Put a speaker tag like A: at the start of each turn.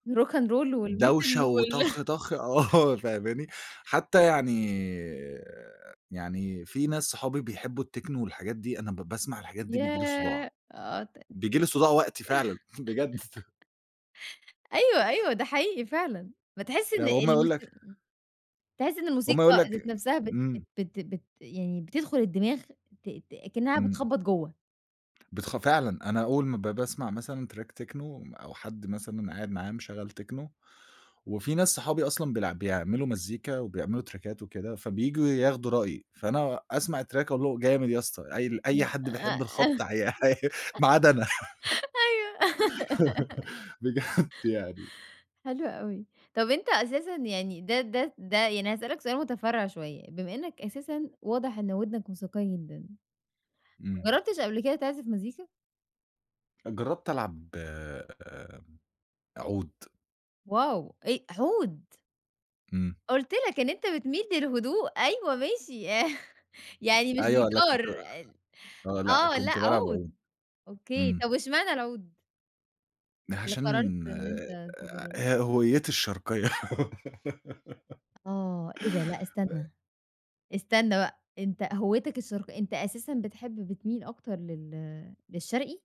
A: Rock and Roll والMetal
B: دَوشة
A: وال
B: وطخ طخ، آه فاهماني؟ حتى يعني، يعني في ناس صحابي بيحبوا الTechno والحاجات دي، أنا ب باسمَع الحاجات دي بييجي لي صداع.
A: ياه! آه، تقد
B: بييجي لي صداع وقتي فعلًا بجد.
A: أيوه، أيوه ده حقيقي فعلًا. بتحس إن
B: يعني هم يقول
A: الموس
B: لك
A: إمم، تحس إن
B: هم يقول
A: الموسيقى ذات
B: لك
A: نَفْسها بت
B: إمم.
A: بت بت يعني بتدخُل الدماغ، ت ت كأنها
B: إمم.
A: بتخبّط جوّه.
B: بتخ فعلًا، أنا أول ما ب باسمَع مثلًا Track Techno، أو حد مثلًا قاعد معايا مشغّل Techno، وفي ناس صحابي أصلًا بيلع بيعملوا مزيكا وبيعملوا تراكات وكده، فبييجوا ياخدوا رأيي، فأنا أسمَع الTrack أقول له: "جامد يا أسطى." قايل
A: ن
B: أي حد بيحب الخبط عي عي ما عدا أنا.
A: أيوه.
B: بجد يعني.
A: حلو أوي. طَب أنت أساسًا يعني ده ده ده يعني هاسألك سؤال متفرّع شوية، بما إنك أساسًا واضح إن وِدنك موسيقية جدًا، ما
B: إمم.
A: جربتش قبل كده تِعزف مزيكا؟
B: جربت ألعب، آآ، عُود.
A: Wow! إ عُود؟
B: إمم.
A: قُلت لك إن أنت بتمِيل للهدوء، أيوه ماشي، يع يعني مش
B: أيوه لأ
A: جيتار
B: كنت
A: ال
B: آه، لأ
A: آه، لأ
B: كنت بالعب عُود.
A: عُود؟ أوكي
B: إمم.
A: طَب واشمعنى العُود؟ اللي قررت
B: عشان،
A: إن
B: آآ،
A: أنت تجربه.
B: ه هويتي الشرقية.
A: آه، إيه ده؟ لأ
B: [unintelligible]
A: استنى، استنى بقى، أنت هويّتك الشرق أنت أساسًا بتحب، بتمِيل أكتر لل للشرقي؟